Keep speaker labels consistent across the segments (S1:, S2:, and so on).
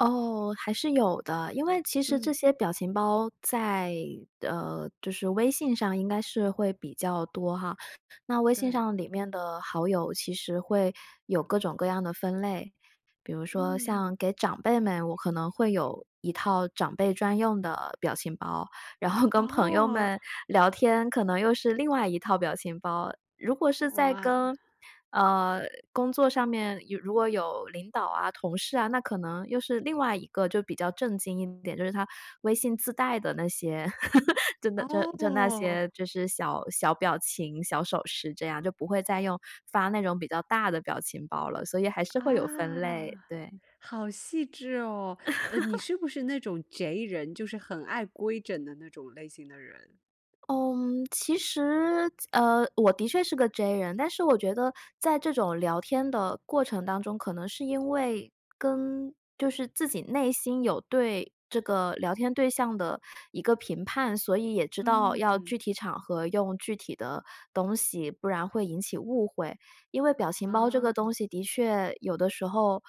S1: 哦，还是有的，因为其实这
S2: 嗯。
S1: 些表情包在，呃，就是微信上应该是会比较多哈，那微信
S2: 对。
S1: 上里面的好友其实会有各种各样的分类。比如说像
S2: 嗯。
S1: 给长辈们，我可能会有一套长辈专用的表情包。然后跟朋友
S2: 哦。
S1: 们聊天，可能又是另外一套表情包。如果是在
S2: 哇！
S1: 跟，呃，工作上面，有如果有领导啊，同事啊，那可能又是另外一个就比较正经一点，就是它微信自带的那些，就那就那
S2: 哦！
S1: 些就是小小表情小手势这样，就不会再用发那种比较大的表情包了，所以还是会有分类，
S2: 啊！
S1: 对。
S2: 好细致哦，呃，你 是不是那种 J 人，就是很爱规整的那种类型的人。
S1: 嗯，其实，呃，我的确是个 J 人。但是我觉得在这种聊天的过程当中，可能是因为跟就是自己内心有对这个聊天对象的一个评判，所以也知道要
S2: 嗯。
S1: 具体场合用具体的东西，不然会引起误会。因为表情包这个
S2: 啊。
S1: 东西的确有的时候，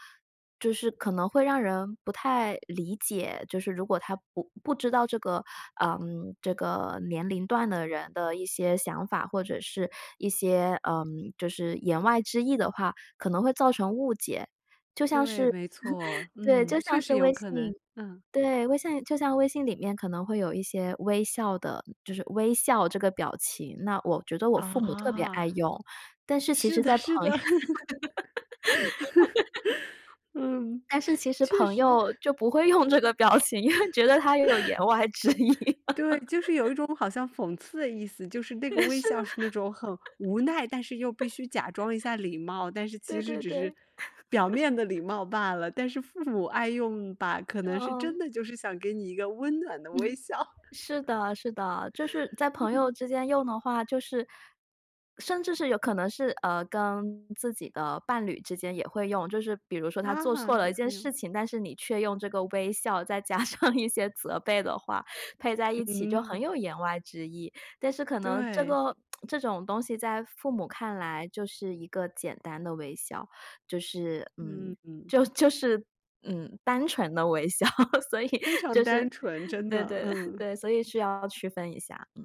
S1: 就是可能会让人不太理解，就是如果他不不知道这个，呃，这个年龄段的人的一些想法，或者是一些，呃，就是言外之意的话，可能会造成误解。就像
S2: 对，
S1: 是，
S2: 没错，
S1: 对，
S2: 嗯，
S1: 就
S2: 确
S1: 像是
S2: 实有
S1: 微
S2: 可能。
S1: 信
S2: 嗯。
S1: 对微信就像微信里面可能会有一些微笑的就是微笑这个表情，那我觉得我父母特别
S2: 哦！
S1: 爱用，但是其
S2: 是
S1: 实
S2: 的
S1: 在
S2: 是
S1: 朋
S2: 的。
S1: 友
S2: 嗯，
S1: 但是其实
S2: 确
S1: 朋
S2: 实。
S1: 友就不会用这个表情，因为觉得它有言 外之意。
S2: 对，就是有一 种好像讽刺的意思。就是那
S1: 对，
S2: 个
S1: 是的。
S2: 微笑是那种很无奈，但是又必须假装一下礼貌，但 是其
S1: 对
S2: 实
S1: 对
S2: 只是
S1: 对。
S2: 表面的礼 貌罢了，但是父母爱用吧，可能是真
S1: 呃。
S2: 的就是想给你一个温暖的
S1: 嗯哼。
S2: 微笑。
S1: 是的是的。就是在朋友
S2: 嗯。
S1: 之间用的话就是甚至是有可能是，呃，跟自己的伴侣之间也会用。就是比如说他做错
S2: 啊，
S1: 了一
S2: 也
S1: 件
S2: 会
S1: 事
S2: 有。
S1: 情，但是你却用这个微笑，再加上一些责备的话，配在一起就很
S2: 嗯。
S1: 有言外之意。但是可能这
S2: 对。
S1: 个 这种东西在父母看来就是一个简单的微笑，就是，嗯，
S2: 嗯。
S1: 就就是，嗯，单纯的微笑，所以
S2: 非常
S1: 就
S2: 单
S1: 是，
S2: 纯，真
S1: 对
S2: 的，
S1: 对
S2: 嗯。
S1: 对，所以是要区分一下，嗯。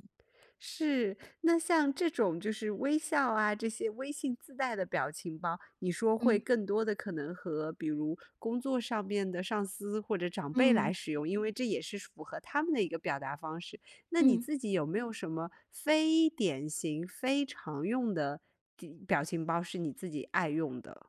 S2: 是，那像这种就是微笑啊，这些微信自带的表情包，你说会
S1: 嗯。
S2: 更多地可能和比如工作上面的上司，或者长辈
S1: 嗯。
S2: 来使用。因为这也是符合他们的一个表达方式。那你
S1: 嗯。
S2: 自己有没有什么非典型、非常用的的一表情包是你自己爱用的？